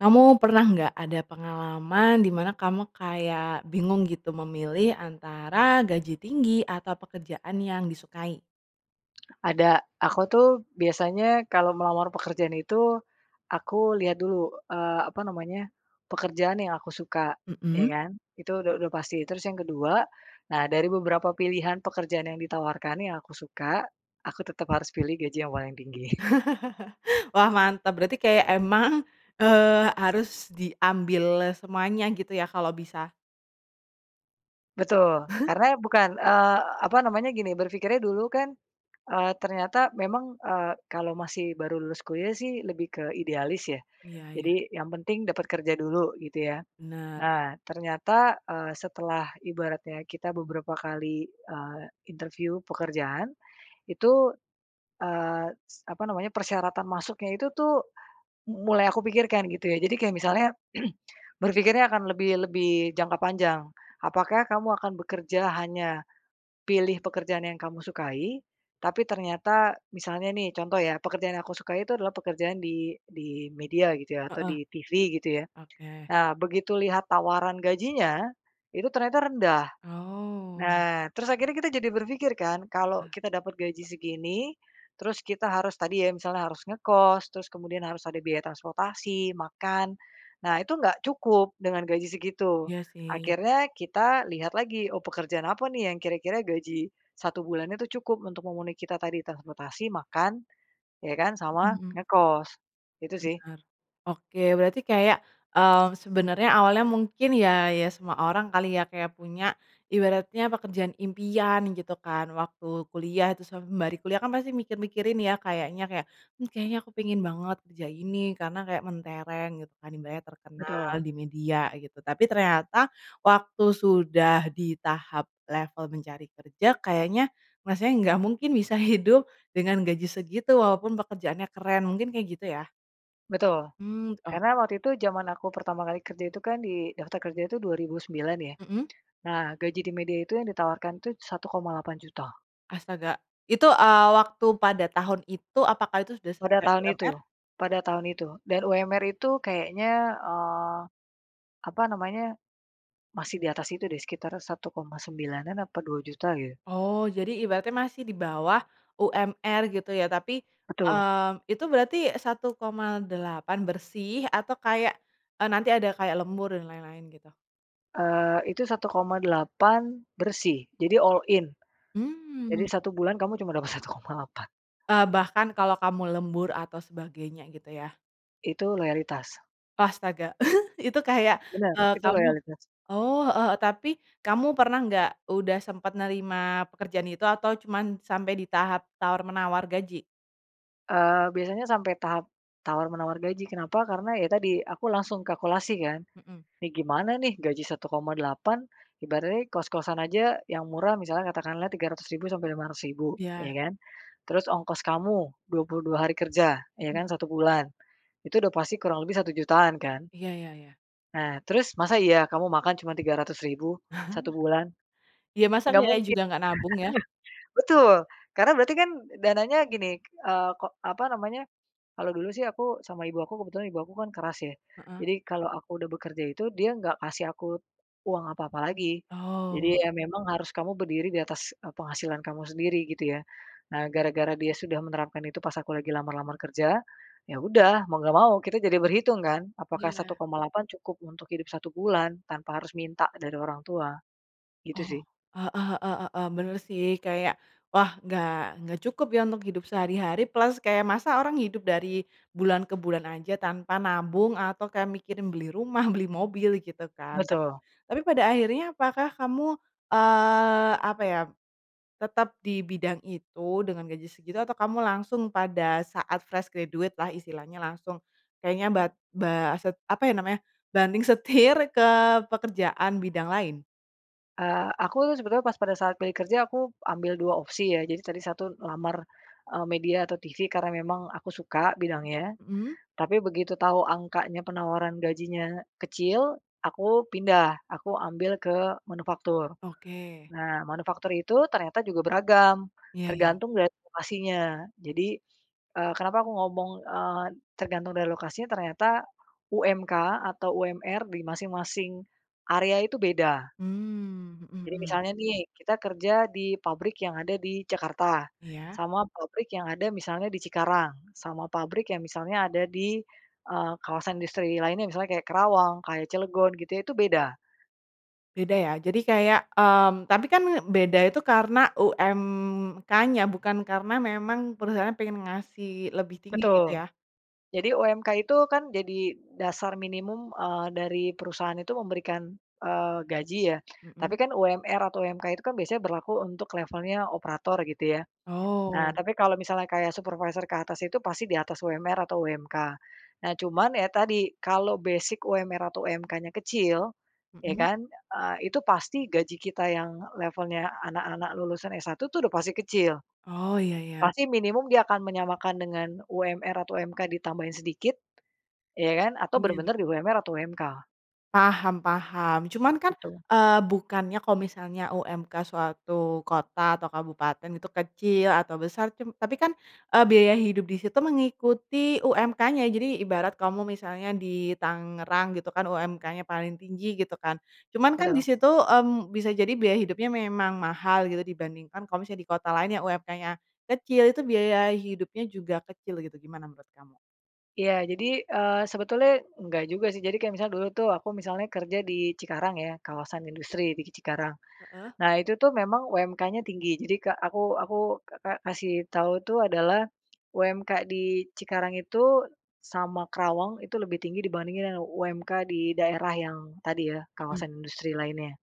Kamu pernah enggak ada pengalaman di mana kamu kayak bingung, gitu, memilih antara gaji tinggi atau pekerjaan yang disukai? Ada, aku tuh biasanya kalo melamar pekerjaan itu aku lihat dulu, eee, apa namanya pekerjaan yang aku suka, ya Hmm. kan? Itu udah udah pasti. Terus yang ke-2, nah dari beberapa pilihan pekerjaan yang ditawarkan yang aku suka, aku tetap harus pilih gaji yang paling tinggi. Wah, mantap, berarti kayak emang, eee, harus diambil semuanya, gitu, ya, kalau bisa? Betul, karena bukan, eee, apa namanya, gini berpikirnya, dulu kan, eee, ternyata memang, eee, kalau masih baru lulus kuliah, sih, lebih ke idealis, ya, Iya iya. jadi yang penting dapat kerja dulu, gitu, ya. Benar. Nah, ternyata, eee, setelah ibaratnya kita beberapa kali, eee, interview pekerjaan, itu, eee, apa namanya persyaratan masuknya itu tuh mulai aku pikirkan, gitu, ya. Jadi kayak misalnya berpikirnya akan lebih lebih jangka panjang, apakah kamu akan bekerja hanya pilih pekerjaan yang kamu sukai, tapi ternyata, misalnya, nih, contoh, ya, pekerjaan yang aku sukai itu adalah pekerjaan di di media, gitu, ya, atau Heeh, di TV, gitu, ya. Oke. Nah, begitu lihat tawaran gajinya, itu ternyata rendah. Oh. Nah, terus akhirnya kita jadi berpikir, kan, kalau kita dapat gaji segini, terus kita harus tadi, ya, misalnya harus ngekos, terus kemudian harus ada biaya transportasi, makan, nah itu nggak cukup dengan gaji segitu. Iya sih. Akhirnya kita lihat lagi, oh pekerjaan apa, nih yang kira-kira gaji 1 bulannya tuh cukup untuk memenuhi kita tadi, transportasi, makan, ya kan, sama Hmm. ngekos. Gitu, sih. Bener, oke, berarti kayak, eee, sebenarnya awalnya mungkin, ya, ya semua orang kali, ya, kayak punya ibaratnya pekerjaan impian, gitu kan, waktu kuliah itu, se sembari kuliah, kan, pasti mikir-mikirin, ya, kayaknya kayak, hmm, kayaknya aku pingin banget kerja ini karena kayak mentereng, gitu kan, ibaratnya terkenal Betul. di media, gitu, tapi ternyata waktu sudah di tahap level mencari kerja, kayaknya masalahnya gak mungkin bisa hidup dengan gaji segitu, walaupun pekerjaannya keren, mungkin kayak gitu, ya? Betul, Hmm. Oh. karena waktu itu jaman aku pertama kali kerja itu kan di daftar kerja itu 2009, ya, Mhm. nah gaji di media itu yang ditawarkan itu Rp1.800.000. Astaga! Itu, eee, waktu pada tahun itu apakah itu sudah Pada sesuai tahun UMR? itu, pada tahun itu dan UMR itu kayaknya, eee, apa namanya masih di atas itu, deh, sekitar Rp1.900.000 atau Rp2.000.000, gitu. Oh, jadi ibaratnya masih di bawah UMR, gitu, ya, tapi, Betul. eee, itu berarti Rp1.800.000 bersih, atau kayak a nanti ada kayak lembur dan lain-lain, gitu? Eee, itu Rp1.800.000 bersih, jadi all in, jadi Hmm. 1 bulan kamu cuma dapat Rp1.800.000. Eee, bahkan kalau kamu lembur atau sebagainya gitu ya? Itu loyalitas. Astaga, itu kayak, Bener, eee, itu kamu loyalitas. oh heeh, tapi kamu pernah enggak udah sempat nerima pekerjaan itu, atau cuma sampai di tahap tawar-menawar gaji? Eee, biasanya sampai tahap tawar menawar gaji, kenapa, karena ya tadi aku langsung kalkulasi kan. Mhm. Nih gimana nih gaji 1,8, ibaratnya kos-kosan aja yang murah misalnya katakanlah 300.000 sampai 500.000, Ya. ya kan. Terus ongkos kamu 22 hari kerja, ya Hmm. kan 1 bulan. Itu udah pasti kurang lebih 1.000.000-an kan? Iya iya iya. Nah, terus masa iya kamu makan cuma 300.000 1 bulan? Ya, masak Nggak dia mungkin! juga ngga nabung ya. Betul, karena berarti kan dananya gini, eee, ko apa namanya kalau dulu sih aku sama ibu aku kebetulan ibu aku kan keras ya. Heeh. Jadi kalau aku udah bekerja itu, dia nggak kasih aku uang apa-apa lagi. Jadi Oh. ya memang harus kamu berdiri di atas, eee, penghasilan kamu sendiri gitu ya. Nah, gara-gara dia sudah menerapkan itu pas aku lagi lamar-lamar kerja, ya udah mau nggak mau, kita jadi berhitung kan? Apakah satu Iya. koma delapan cukup untuk hidup 1 bulan tanpa harus minta dari orang tua, gitu sih. Oh, heeh heeh heeh, bener sih kayak wah nggak nggak cukup ya untuk hidup sehari-hari plus kayak masak orang hidup dari bulan ke bulan aja tanpa nabung atau kayak mikirin beli rumah, beli mobil gitu kan. Tap Betul. tapi pada akhirnya apakah kamu, eee, apa ya tetap di bidang itu dengan gaji segitu atau kamu langsung pada saat fresh graduate lah istilahnya langsung kayaknya bat ba set apa ya namanya banting setir ke pekerjaan bidang lain? Eee, aku tuh sebenernya pas pada saat pilih kerja aku ambil 2 opsi ya jadi tadi satu lamar, eee, media atau TV karena memang aku suka bidangnya. Hmm. Tapi begitu tau angkanya penawaran gajinya kecil, aku pindah, aku ambil ke manufaktur. Oke. Nah, manufaktur itu ternyata juga beragam, Iya iya. tergantung dari lokasinya. Jadi, eee, kenapa aku ngomong, eee, tergantung dari lokasinya, ternyata UMK atau UMR di masing-masing area itu beda. Mmm, mhm Jadi mhm. misalnya nih, kita kerja di pabrik yang ada di Jakarta, Iya. sama pabrik yang ada misalnya di Cikarang sama pabrik yang misalnya ada di, eee, kawasan industri lainnya misalnya kayak Karawang, kayak Cilegon gitu ya itu beda. Beda ya, jadi kayak, mmm, tapi kan beda itu karena UMK -nya bukan karena memang perusahaannya pengen ngasih lebih tinggi gitu Betul, ya? jadi UMK itu kan jadi dasar minimum, eee, dari perusahaan itu memberikan, eee, gaji ya. Tapi Mhm. kan UMR atau UMK itu kan biasanya berlaku untuk levelnya operator gitu ya. Nah Oh. tapi kalau misalnya kayak supervisor ke atas itu pasti di atas UMR atau UMK. Nah cuman ya tadi, kalau basic UMR atau UMK-nya kecil, ya Mhm. kan, eee, itu pasti gaji kita yang levelnya anak-anak lulusan S1 tuh udah pasti kecil. Oh, iya iya. Pasti minimum dia akan menyamakan dengan UMR atau UMK ditambahin sedikit, ya kan? Atau Iya. bener-bener di UMR atau UMK. Paham paham cuman kan, Gitu. eee, bukannya kalau misalnya UMK suatu kota atau kabupaten itu kecil atau besar cum tapi kan, eee, biaya hidup disitu mengikuti UMK-nya jadi ibarat kamu misalnya di Tangerang gitu kan UMK-nya paling tinggi gitu kan cuman kan Betul. disitu, mmm, bisa jadi biaya hidupnya memang mahal gitu dibandingkan kalo misalnya di kota lain yang UMK-nya kecil itu biaya hidupnya juga kecil gitu gimana menurut kamu? Iya, jadi, eee, sebetulnya enggak juga sih jadi kayak misalnya dulu tuh aku misalnya kerja di Cikarang ya kawasan industri di ki Cikarang Heeh. nah itu tuh memang UMK-nya tinggi jadi kek aku aku ka ka kasih tau itu adalah UMK di Cikarang itu sama Karawang itu lebih tinggi dibandingkan dengan UMK di daerah yang tadi ya Mhm. kawasan industri lainnya.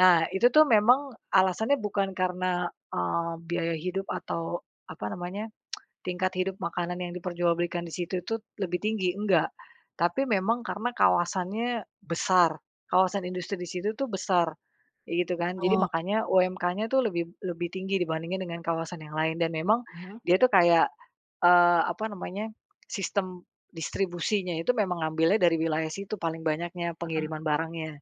Nah itu tuh memang alasannya bukan karena, eee, biaya hidup atau apa namanya tingkat hidup makanan yang diperjualbelikan di situ itu lebih tinggi, enggak! Tapi memang karena kawasannya besar, kawasan industri di situ itu besar kayak gitu kan. Jadi Oh. makanya UMK-nya itu lebih lebih tinggi dibandingkan dengan kawasan yang lain. Dan memang Heeh. dia itu kayak, eee, apa namanya sistem distribusinya itu memang ngambilnya dari wilayah situ paling banyaknya Heeh. pengiriman barangnya.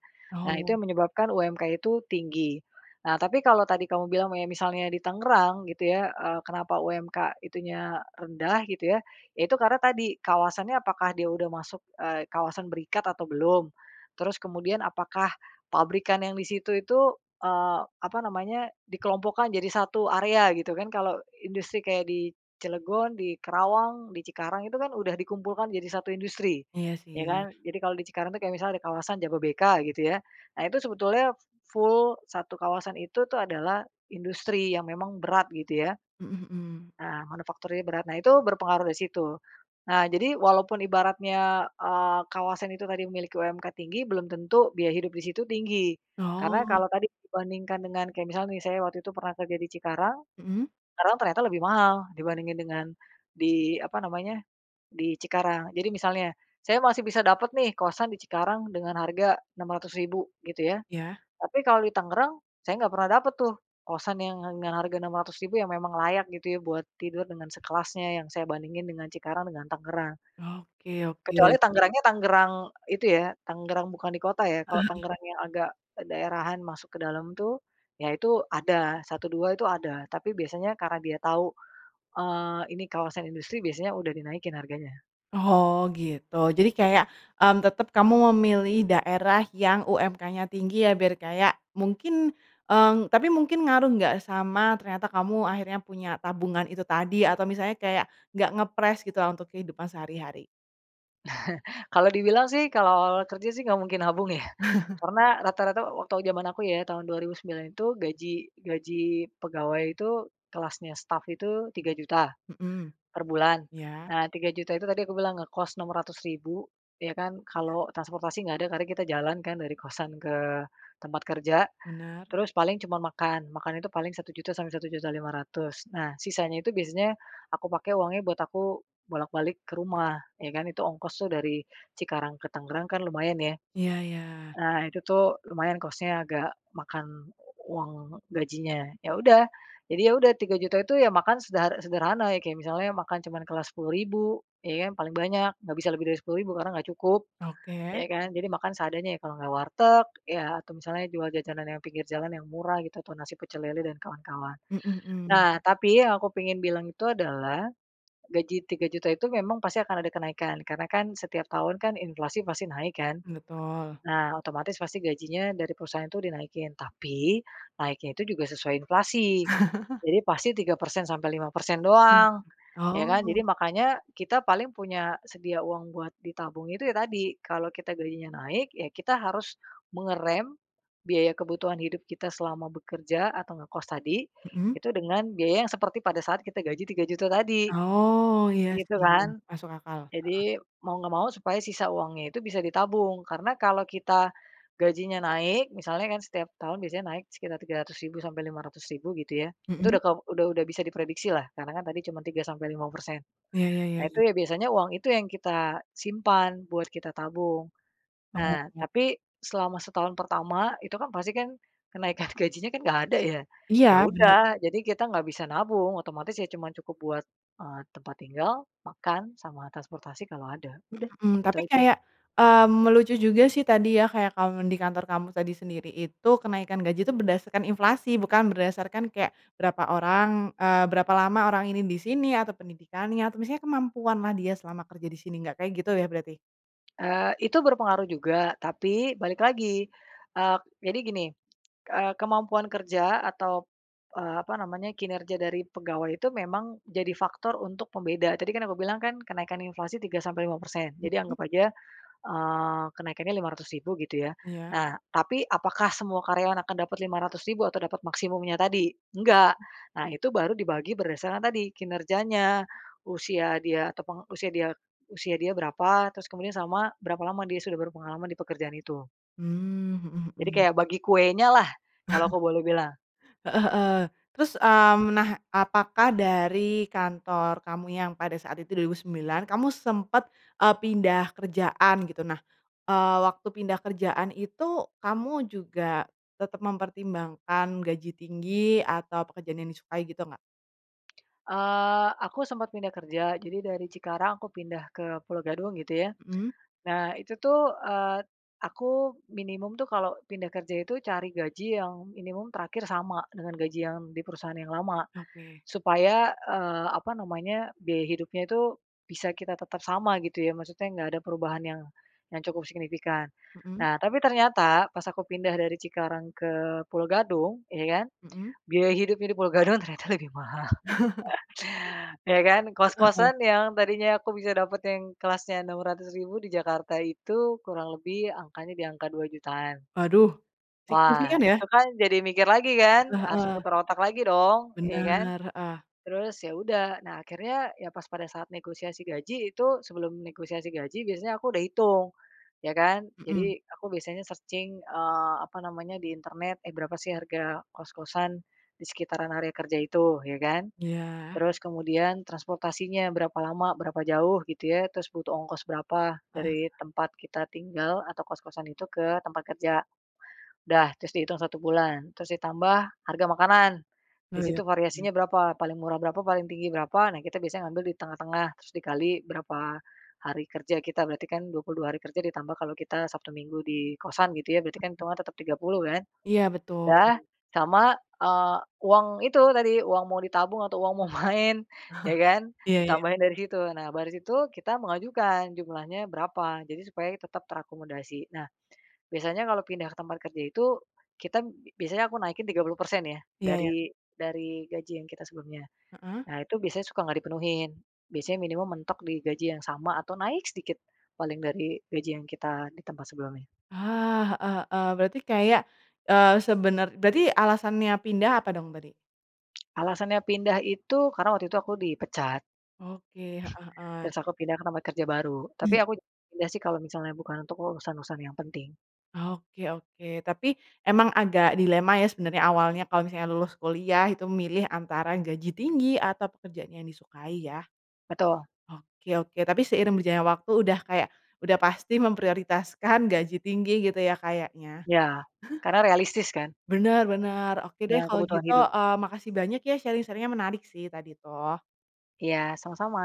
Nah itu Oh. yang menyebabkan UMK itu tinggi. Nah tapi kalau tadi kamu bilang me misalnya di Tangerang gitu ya, eee, kenapa UMK itu nya rendah gitu ya, ya itu karena tadi, kawasan nya apakah dia udah masuk, eee, kawasan berikat atau belum. Terus kemudian apakah pabrikan yang di situ itu eee, apa namanya dikelompokkan jadi satu area gitu kan. Kalau industri kayak di Cilegon, di Karawang, di Cikarang itu kan udah dikumpulkan jadi satu industri, Iya, ya sih. kan? Jadi kalau di Cikarang itu kayak misalnya di kawasan Jababeka gitu ya, nah itu sebetulnya fu full satu kawasan itu tuh adalah industri yang memang berat gitu ya. Mhm, mhm. Nah, manufakturinya berat nah, itu berpengaruh di situ. Nah, jadi walaupun ibaratnya, eee, kawasan itu tadi memiliki UMK tinggi, belum tentu biaya hidup di situ tinggi. Karena Oh. kalau tadi dibandingkan dengan kayak misalnya nih, saya waktu itu pernah kerja di Cikarang, Mhm. Tangerang ternyata lebih mahal dibandingkan dengan di apa namanya di Cikarang. Jadi misalnya, saya masih bisa dapat nih kosan di Cikarang dengan harga 600.000 gitu ya. Ya. Tapi kalau di Tangerang saya ga pernah dapat tuh kosan yang yang harga 600.000 yang memang layak gitu ya buat tidur dengan sekelasnya yang saya bandingin dengan Cikarang dengan Tangerang. Oke Kecuali oke. Tangerang-nya Tangerang itu ya, Tangerang bukan di kota ya, kalau Tangerang yang agak, eee, daerahan masuk ke dalam tuh, ya itu ada, satu dua itu ada, tapi biasanya karena dia tahu, eee, ini kawasan industri biasanya udah dinaikin harganya. Oh, gitu jadi [unintelligible] kayak, mmm, tetap kamu memilih daerah yang UMK-nya tinggi ya biar kayak mungkin, eee, tapi mungkin ngaruh nggak sama ternyata kamu akhirnya punya tabungan itu tadi atau misalnya kayak nggak ngepress gitu untuk kehidupan sehari-hari? Kalau dibilang sih, kalau awal-awal kerja sih nggak mungkin nabung ya karena rata-rata wa waktu jaman aku ya tahun 2009 itu gaji gaji pegawai itu kelasnya staf itu 3.000.000 Mhm, per bulan. iya. Nah, 3.000.000 itu tadi aku bilang ngekos 600.000 ya kan Iya. kalau transportasi nggak ada karena kita jalan kan dari kosan ke tempat kerja Bener. terus paling cuma makan, makan itu paling 1.000.000 sampai 1.500.000 nah sisanya itu biasanya aku pake uangnya buat aku bolak-balik ke rumah ya kan itu ongkos itu dari Cikarang ke Tangerang kan lumayan ya. Iya iya. Ah itu tuh lumayan cost-nya agak makan uang gajinya, ya udah. Jadi ya udah 3.000.000 itu ya makan sederhek sederhana, ya kayak misalnya makan cuma kelas 10.000 ya kan paling banyak, ga bisa lebih dari 10.000 karena ga cukup. Oke. Ya kan. Jadi makan seadanya ya kalau ga warteg ya atau misalnya jual jajanan yang pinggir jalan yang murah gitu atau nasi pecel lele dan kawan-kawan. Mhm, mhm. Nah, tapi yang aku pingin bilang itu adalah gaji 3.000.000 itu memang pasti akan ada kenaikan karena kan setiap tahun kan inflasi pasti naik kan. Betul. Nah otomatis pasti gajinya dari perusahaan itu dinaikin tapi naiknya itu juga sesuai inflasi jadi pasti 3% sampai 5% Mmm, doang ya kan jadi oh. makanya kita paling punya sedia uang buat ditabung itu ya tadi kalau kita gajinya naik ya kita harus mengerem biaya kebutuhan hidup kita selama bekerja atau ngekos tadi Mhm. itu dengan biaya yang seperti pada saat kita gaji 3.000.000 tadi, Oh, iya gitu sih kan. masuk akal, heeh. Jadi mau ngga mau supaya sisa uangnya itu bisa ditabung. Karena kalau kita gajinya naik misalnya kan setiap tahun biasanya naik sekitar 300.000 sampai 500.000 gitu ya itu Mhm. udah kau udah udah bisa diprediksilah karena kan tadi cuma 3 sampai 5%. Iya iya iya Nah, itu iya. ya biasanya uang itu yang kita simpan buat kita tabung. Nah, Oh. tapi selama setahun pertama itu kan pasti kan kenaikan gajinya kan ga ada ya. Iya, Ya bener. udah, jadi kita ga bisa nabung otomatis ya cuma cukup buat, eee, tempat tinggal, makan, sama transportasi kalau ada. Udah, Mhm, itu tapi aja. kayak, mmm, lucu juga sih tadi ya kayak kamu di kantor kamu tadi sendiri itu kenaikan gaji tuh berdasarkan inflasi bukan berdasarkan kayak berapa orang, eee, berapa lama orang ini disini atau pendidikannya atau misalnya kemampuan lah dia selama kerja disini nggak kayak gitu ya berarti? Eee, itu berpengaruh juga, tapi balik lagi, eee, jadi gini, eee, kemampuan kerja atau, eee, apa namanya kinerja dari pegawai itu memang jadi faktor untuk pembeda. Tadi kan aku bilang kan kenaikan inflasi 3 sampai 5%. Jadi Mhm. anggap aja, eee, kenaikannya 500.000 gitu ya. Iya. Nah, tapi apakah semua karyawan akan dapat 500.000 atau dapat maksimumnya tadi? Enggak. Nah, itu baru dibagi berdasarkan tadi kinerjanya, usia dia atau penge usia dia usia dia berapa? Terus kemudian sama berapa lama dia sudah berpengalaman di pekerjaan itu. Mmm, mhm Jadi, mhm. kayak bagi kuenya lah, kalau aku boleh bilang. Heeh, heeh, terus, mmm, nah apakah dari kantor kamu yang pada saat itu 2009 kamu sempet, eee, pindah kerjaan gitu nah, eee, waktu pindah kerjaan itu kamu juga tetap mempertimbangkan gaji tinggi atau pekerjaan yang disukai gitu ngga? Eee, aku sempat pindah kerja jadi dari Cikarang aku pindah ke Pulo Gadung gitu ya. Mhm. Nah itu tuh, eee, aku minimum tuh kalo pindah kerja itu cari gaji yang minimum terakhir sama dengan gaji yang di perusahaan yang lama Oke. supaya, eee, apa namanya biaya hidupnya itu bisa kita tetap sama gitu ya maksudnya gak ada perubahan yang yang cukup signifikan. Mhm. Nah, tapi ternyata pas aku pindah dari Cikarang ke Pulo Gadung, ya kan Mhm. biaya hidupnya di Pulo Gadung ternyata lebih mahal. Ya kan. Heeh. Kos-kosan yang tadinya aku bisa dapet yang kelasnya 600.000 di Jakarta itu kurang lebih angkanya di angka 2.000.000-an. Waduh, Wah, signifikan ya. itu kan jadi mikir lagi kan Lah, harus heeh. putar otak lagi dong, ya kan Bener, heeh. terus ya udah nah akhirnya ya pas pada saat negosiasi gaji itu sebelum negosiasi gaji biasanya aku udah hitung ya kan jadi Mhm. aku biasanya searching, eee, apa namanya di internet, eh, berapa sih harga kos-kosan di sekitaran area kerja itu ya kan. Iya. Terus kemudian transportasinya berapa lama berapa jauh gitu ya terus butuh ongkos berapa Heeh. dari tempat kita tinggal atau kos-kosan itu ke tempat kerja udah terus dihitung satu bulan terus ditambah harga makanan, di situ variasinya [unintelligible] berapa paling murah berapa paling tinggi berapa nah kita biasanya ngambil di tengah-tengah terus dikali berapa hari kerja kita berarti kan 22 hari kerja ditambah kalau kita Sabtu Minggu di kosan gitu ya berarti kan hitungan tetap 30 kan. Iya, betul. Udah, sama, eee, uang itu tadi uang mau ditabung atau uang mau main ya kan Iya iya. ditambahin dari situ nah baris itu kita mengajukan jumlahnya berapa jadi supaya tetap terakomodasi. Nah, biasanya kalau pindah ke tempat kerja itu kita biasanya aku naikin 30% ya Iya iya. dari dari gaji yang kita sebelumnya. Heeh. Nah, itu biasanya suka nggak dipenuhin. Biasanya minimum mentok digaji yang sama atau naik sedikit paling dari gaji yang kita di tempat sebelumnya. Ah, heeh heeh, berarti kayak, eee, sebener berarti alasannya pindah apa dong tadi? Alasannya pindah itu karena waktu itu aku dipecat. Oke, heeh heeh. Terus aku pindah ke tempat kerja baru tapi aku Mmm. [unintelligible] pindah sih kalo misalnya bukan untuk urusan-urusan yang penting. Oke oke, tapi emang agak dilema ya sebenernya awalnya kalo misalnya lulus kuliah itu milih antara yang gaji tinggi atau pekerjaan yang disukai ya. Betul. Oke oke, tapi seiring berjalannya waktu udah kayak udah pasti memprioritaskan gaji tinggi gitu ya kayaknya. Ya, karena realistis kan. Bener bener! Oke deh Nah, kalo kebutuhan gitu, hidup. eee, makasih banyak ya sharing-sharing-nya menarik sih tadi tuh. Iya, sama-sama!